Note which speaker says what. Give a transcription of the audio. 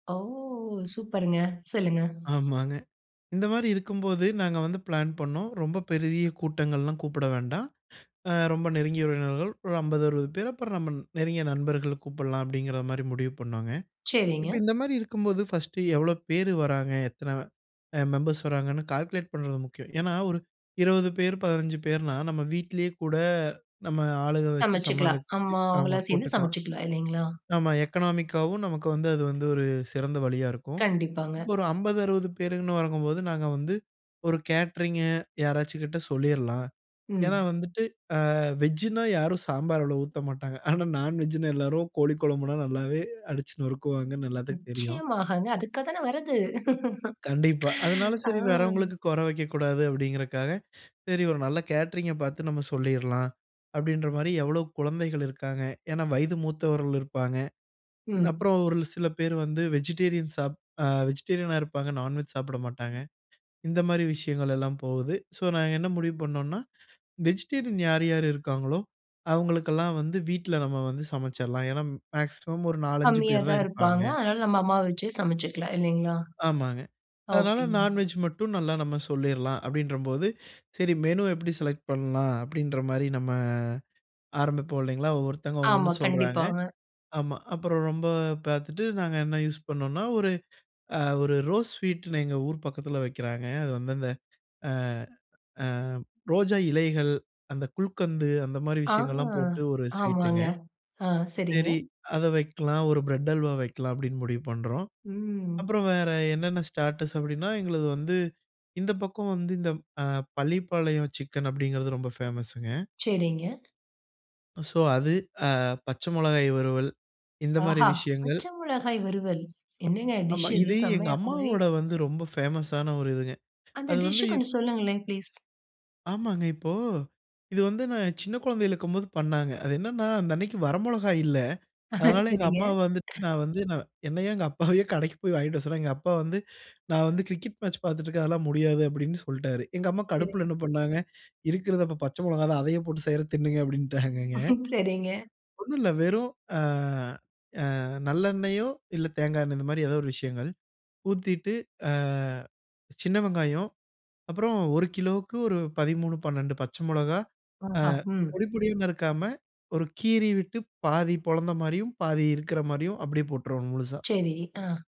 Speaker 1: ஓ! சூப்பர்ங்க, சொல்லுங்க.
Speaker 2: ஆமாங்க. இந்த மாதிரி இருக்கும்போது நாங்க வந்து பிளான் பண்ணோம் ரொம்ப பெரிய கூட்டங்கள்லாம் கூப்பட வேண்டாம். அ, ரொம்ப நெருங்கிய உறவினர்கள் ஒரு 50 60 பேர், அப்பறம் நம்ம நெருங்கிய நண்பர்கள கூப்பலாம் அப்டிங்கிற மாரி முடிவு பண்ணோங்க. இப்ப
Speaker 1: சரிங்க.
Speaker 2: இந்த மாரி இருக்கும்போது ஃபர்ஸ்ட்டு எவ்வளோ பேரு வராங்க. எத்தன அ, மெம்பர்ஸ் வராங்கன்னு கால்குலேட் பண்றது முக்கியம். ஏன்னா, ஒரு 20 பேர் 15 பேர்னா நம்ம வீட்லே கூட நம்ம ஆளுக வச்சு
Speaker 1: சமைச்சிக்கலாம்.
Speaker 2: சமாளிச்சி
Speaker 1: அம்மா
Speaker 2: ஆமா
Speaker 1: அவங்கலாம் சேர்ந்து
Speaker 2: போட்டுக்கலாம்.
Speaker 1: சமைச்சிக்கலாம். இல்லைங்களா?
Speaker 2: நம்ம எக்கனாமிக்காவும் நமக்கு வந்து, அது வந்து ஒரு சிறந்த வழியா இருக்கும்.
Speaker 1: கண்டிப்பாங்க.
Speaker 2: இப்போ ஒரு 50 60 பேருன்னு வரங்கம்போது நாங்க வந்து ஒரு கேட்டரிங்கு யாராச்சும் கிட்ட சொல்லிரலாம். ஏன்னா,
Speaker 1: ம்.
Speaker 2: வந்துட்டு அ, வெஜ்ஜின்னா யாரும் சாம்பார் அவ்ளோ ஊத்த மாட்டாங்க. ஆனா நான்வெஜ்ஜின்னா எல்லாரும் கோழி கொழம்புனா நல்லாவே அடிச்சு நொறுக்குவாங்கன்னு எல்லாத்துக்கும் தெரியும்.
Speaker 1: நிச்சயமாகங்க. அதுக்கா தான வரது.
Speaker 2: கண்டிப்பா. அதனால
Speaker 1: ஆ.
Speaker 2: சரி, வரவங்களுக்கு குற வெக்க கூடாது அப்டிங்கிறக்காக, சரி ஒரு நல்ல கேட்டரிங்க பார்த்து நம்ம சொல்லிரலாம், அப்டின்ற மாரி எவ்வளோ குழந்தைகள் இருக்காங்க. ஏன்னா, வயது மூத்தவர்கள் இருப்பாங்க.
Speaker 1: ம்.
Speaker 2: அப்புறம் ஒரு சில பேர் வந்து வெஜிடேரியன் சாப் அ, வெஜிடேரியனா இருப்பாங்க, நான்வெஜ் சாப்பட மாட்டாங்க. இந்த மாரி விஷயங்கள் எல்லாம் போவுது. ஸோ நாங்க என்ன முடிவு பண்ணோம்னா, வெஜிடேரியன் யார் யாரு இருக்காங்களோ, அவங்களுக்கெல்லாம் வந்து வீட்ல நம்ம வந்து சமைச்சிரலாம். ஏன்னா, மேக்ஸிமம் ஒரு 4 5
Speaker 1: கம்மியா
Speaker 2: பேரு தான்
Speaker 1: தான்
Speaker 2: இருப்பாங்க.
Speaker 1: இருப்பாங்க. அதனால நம்ம அம்மாவ வச்சே சமைச்சுக்கலாம். இல்லைங்களா?
Speaker 2: ஆமாங்க. அதனால
Speaker 1: ஓகேங்க
Speaker 2: நான்வெஜ் மட்டும் நல்லா நம்ம சொல்லிரலாம் அப்டின்றம்போது, சரி மெனு எப்படி செலக்ட் பண்ணலாம் அப்டின்ற மாரி நம்ம ஆரம்பிப்போம், இல்லைங்களா? ஒவ்வொருத்தங்க ஒவ்வொண்ணு
Speaker 1: ஆமா,
Speaker 2: சொல்றாங்க.
Speaker 1: கண்டிப்பாங்க.
Speaker 2: ஆமா. அப்பறம் ரொம்ப பார்த்துட்டு நாங்க என்ன யூஸ் பண்ணோம்னா, ஒரு அ, ஒரு ரோஸ் ஸ்வீட்டுன்னு எங்க ஊர் பக்கத்துல வெக்கிறாங்க. அது வந்து அந்த, அ, அ, ரோஜா இலைகள், அந்த குல்கந்து அந்த மாரி
Speaker 1: ஆ,
Speaker 2: விஷயங்கள்லாம் போட்டு ஒரு ஸ்வீட்டுங்க
Speaker 1: ஆமாங்க, ஆ, சரிங்க.
Speaker 2: சரி அதை வெக்கலாம், ஒரு பிரெட் அல்வா வெக்கலாம் அப்டின்னு முடிவு பண்றோம்.
Speaker 1: ம்
Speaker 2: அப்புறம் வேற என்னன்னா ஸ்டாட்டர்ஸ் அப்டின்னா எங்களது வந்து இந்த பக்கம் வந்து இந்த அ -பள்ளிப்பாளையம் சிக்கன் அப்டிங்கிறது ரொம்ப ஃபேமஸுங்க.
Speaker 1: சரிங்க.
Speaker 2: ஸோ அது. அ, பச்சை மிளகாய் வறுவல், இந்த
Speaker 1: ஆஹ.
Speaker 2: மாதிரி விஷயங்கள்.
Speaker 1: பச்ச மிளகாய் வறுவல். என்னங்க
Speaker 2: ஆமா.
Speaker 1: டிஷ் இது?
Speaker 2: இது எங்க
Speaker 1: செம்மையா இருக்கும் போலயே.
Speaker 2: அம்மாவோட வந்து ரொம்ப ஃபேமஸான ஒரு இதுங்க.
Speaker 1: அந்த
Speaker 2: அது வந்து
Speaker 1: டிஷ்ஷு
Speaker 2: இப்
Speaker 1: கொஞ்சம் சொல்லுங்களேன், ப்ளீஸ்
Speaker 2: ஆமாங்க. இப்போ இது வந்து நான் சின்ன கொழந்தையில இருக்கும்போது பண்ணாங்க. அது என்னன்னா அந்த அன்னிக்கி வரமொளகா இல்ல. அதனால எங்க
Speaker 1: சரிங்க
Speaker 2: அம்மா வந்துட்டு நான் வந்து நான் என்னைய எங்க அப்பாவயோ கடைக்கு போய் வாங்கிட்டு வர சொன்னாங்க. எங்க அப்பா வந்து நான் வந்து கிரிக்கெட் மேட்ச் பார்த்துட்டு இருக்கேன். அதெல்லாம் முடியாது அப்டின்னு சொல்லிட்டாரு. எங்க அம்மா கடுப்புல
Speaker 1: சரிங்.
Speaker 2: என்ன பண்ணாங்க, இருக்கறது அப்ப பச்சை மொளகா தான் அதையே போட்டு செய்றேன் தின்னுங்க அப்டின்டாங்கங்க.
Speaker 1: சரிங்க.
Speaker 2: ஒண்ணு இல்லை வெறும் அ, அ, நல்லெண்ணெயோ இல்ல தேங்காய் எண்ணெய் இந்த மாதிரி ஏதோ ஒரு விஷயங்கள். ஊத்திட்டு அ, சின்ன வெங்காயம் அப்பறம் 1 கிலோவுக்கு ஒரு 13 12 பச்சை மொளகா. அ,
Speaker 1: ஆஹா! ம்.
Speaker 2: பொடி பொடியா நறுக்காம, ஒரு கீறி விட்டு பாதி பொலந்த மாதிரியும் பாதி இருக்கிற மாதிரியும் அப்படியே போட்டுருவோம் முழுசா.
Speaker 1: சரி. அ.